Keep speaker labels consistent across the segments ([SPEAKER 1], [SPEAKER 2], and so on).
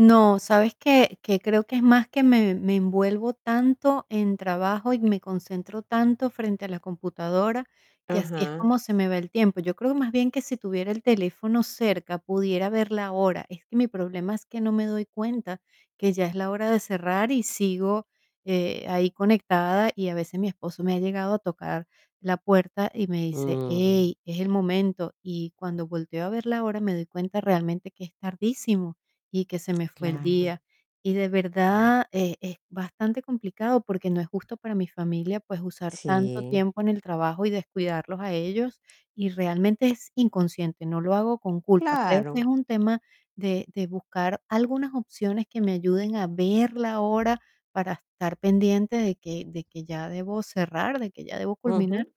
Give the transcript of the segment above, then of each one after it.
[SPEAKER 1] No, ¿sabes qué? Que creo que es más que me me envuelvo tanto en trabajo y me concentro tanto frente a la computadora, que así es
[SPEAKER 2] Ajá.
[SPEAKER 1] como se me va el tiempo. Yo creo, más bien, que si tuviera el teléfono cerca, pudiera ver la hora. Es que mi problema es que no me doy cuenta que ya es la hora de cerrar y sigo, eh, ahí conectada, y a veces mi esposo me ha llegado a tocar la puerta y me dice:
[SPEAKER 2] Mm.
[SPEAKER 1] "Ey, es el momento", y cuando volteo a ver la hora me doy cuenta realmente que es tardísimo y que se me fue el
[SPEAKER 2] Claro.
[SPEAKER 1] día. Y de
[SPEAKER 2] Ajá.
[SPEAKER 1] verdad, eh, es bastante complicado porque no es justo para mi familia, pues, usar tanto
[SPEAKER 2] Sí.
[SPEAKER 1] tiempo en el trabajo y descuidarlos a ellos, y realmente es inconsciente, no lo hago con culpa. Creo que es
[SPEAKER 2] Claro.
[SPEAKER 1] un tema de de buscar algunas opciones que me ayuden a ver la hora para estar pendiente de que de que ya debo cerrar, de que ya debo culminar.
[SPEAKER 2] Ujú.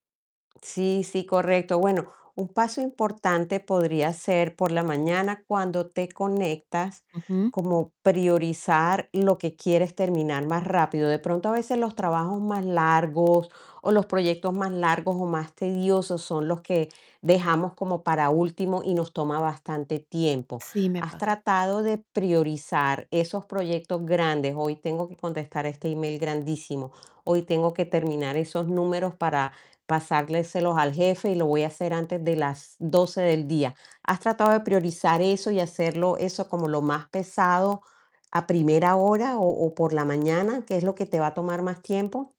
[SPEAKER 2] Sí, sí, correcto. Bueno, un paso importante podría ser, por la mañana, cuando te conectas,
[SPEAKER 1] Ujú.
[SPEAKER 2] como priorizar lo que quieres terminar más rápido. De pronto, a veces, los trabajos más largos, o los proyectos más largos o más tediosos son los que dejamos como para último y nos toma bastante tiempo.
[SPEAKER 1] Sí, me
[SPEAKER 2] Has
[SPEAKER 1] pasa.
[SPEAKER 2] tratado de priorizar esos proyectos grandes, hoy tengo que contestar este email grandísimo, hoy tengo que terminar esos números para pasárselos al jefe, y lo voy a hacer antes de las 12 del día. ¿Has tratado de priorizar eso y hacerlo eso como lo más pesado, a primera hora o o por la mañana, que es lo que te va a tomar más tiempo?